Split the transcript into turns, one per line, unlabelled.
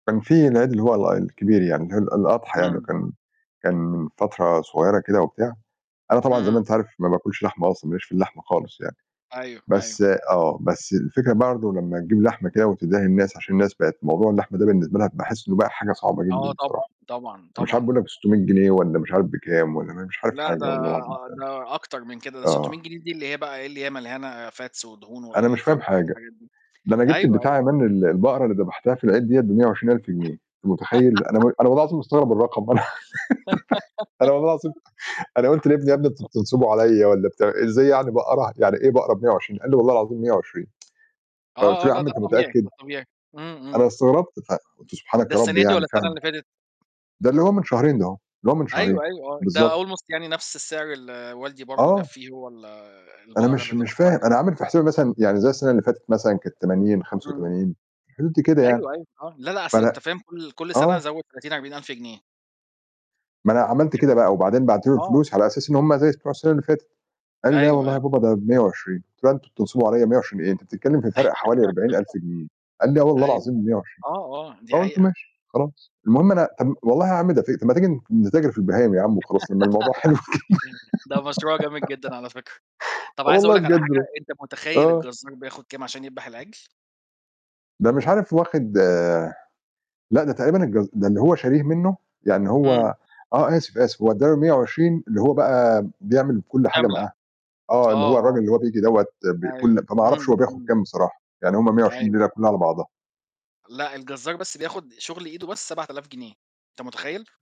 كان في العيد اللي هو هو الكبير يعني [unintelligible] الأضحى يعني
إمم.
وكان كان فترة صغيّرة كده وبتاع، أنا طبعًا زي ما
اهم.
أنت عارف ما باكلش لحمة أصلًا ما ليش في اللحمة خالص يعني،
أيوه، أيوه.
بس آه، بس الفكرة برضه لمّا تجيب لحمة كده وتدّيها للناس عشان الناس بقت موضوع اللحمة ده بالنسبة لها باحس إنه بقى حاجة صعبة جدًا
آه، طبعًا،
بصراحة،
طبعًا،
أنا مش عارف
طبعًا.
بيقول لك ب600 جنيه والّا مش عارف بكام والّا ما مش عارف
لأ، ده
حاجة والله العظيم فعلًا.
ده أكتر من كده ده 600
آه.
جنيه دي اللي هي بقى إيه، اللي هي مليانه fats ودهون و
أنا مش
يعني فاهم،
فاهم
الح
حاجة،
حاجات دي
ده أنا جبت
أيوه، أيوه.
البتاع من ال البقرة اللي دبحتها في العيد دِيّة ب120000 جنيه أنت متخيّل أنا م أنا والله العظيم مستغرب الرقم أنا والله أنا والله العظيم أنا قُلت لابني "يا ابني أنتم بتنصبوا عليّا والّا بتع إزاي يعني بقرة يعني إيه بقرة ب120؟!" قال لي: "والله العظيم 120" قُلت
آه، آه،
له: "يا
لأ،
عم
ده
أنت
الطبيعي، ده
متأكد؟"
الطبيعي إمم، إمم.
أنا استغربت فقُلت
ده
"سبحانك يا رب"
السنة دي
يعني
والّا السنة
فاهم؟
اللي فاتت؟
ده اللي هو من شهرين ده هو، اللي هو من شهرين،
أيوه، أيوه ده
بالضبط.
almost يعني نَفْس السعر اللي والدي برضه جاب
آه.
فيه هو ال
أنا
البقرة
مش
اللي
مش
دبحوها
فاهم،
دي.
أنا عامل في حسابي مثلًا يعني زي السنة اللي فاتت مثلًا كانت ب80 بخَمسة
إمم.
وتمانين في الحدود دي كده يعني.
أيوه، أيوه، آه، لأ، لأ، أصل
فأنا
أنت فاهم كل كل سنة
آه.
زوّد 30، 40000 جنيه.
ما أنا عملت كده بقى
[unintelligible]
وبعدين بعت له
آه.
الفلوس على أساس إن هم زي بتوع السنة اللي فاتت، قال لي: "لأ،
أيوه،
والله يا
أيوه.
بابا ده ب120" قُلت له "لأ، أنتم بتنصبوا عليّا 120 إيه أنت بتتكلّم في فرق حوالي 40000 جنيه" قال لي: "آه، والله
أيوه، أي
العظيم ب120"
آه، آه، دي
فقُلت
حقيقة.
"ماشي خلاص." المهم أنا م والله يا عم ده [unintelligible] ما تيجي نتاجر في البهايم يا عم وخلاص لمّا الموضوع حلو كده.
ده مشروع جميل جدًا على فكرة، طَب
آه،
عايز أقول
والله
لك على
بجد
حاجة
ب
أنت متخيّل
آه.
الجزار بياخُد كام عشان يدبح العجل؟
ده مش عارف واخد لأ، ده تقريبًا الجز ده اللي هو شاريه منّه يعني
إمم.
هو آه، آسف، آسف هو أدى له 120 اللي هو بقى بيعمل كل حاجة
كاملة.
معاه، آه، اللي
آه،
هو الراجل
آه.
اللي هو بييجي دَوّة ب
أيوه.
كل فما أعرفش هو
إمم،
بياخُد
إمم.
كام بصراحة، يعني هم 120
أيوه.
الليلة كلّها على بعضها.
لأ، الجزار بس بياخُد شُغل إيده بس 7000 جنيه، أنت متخيّل؟!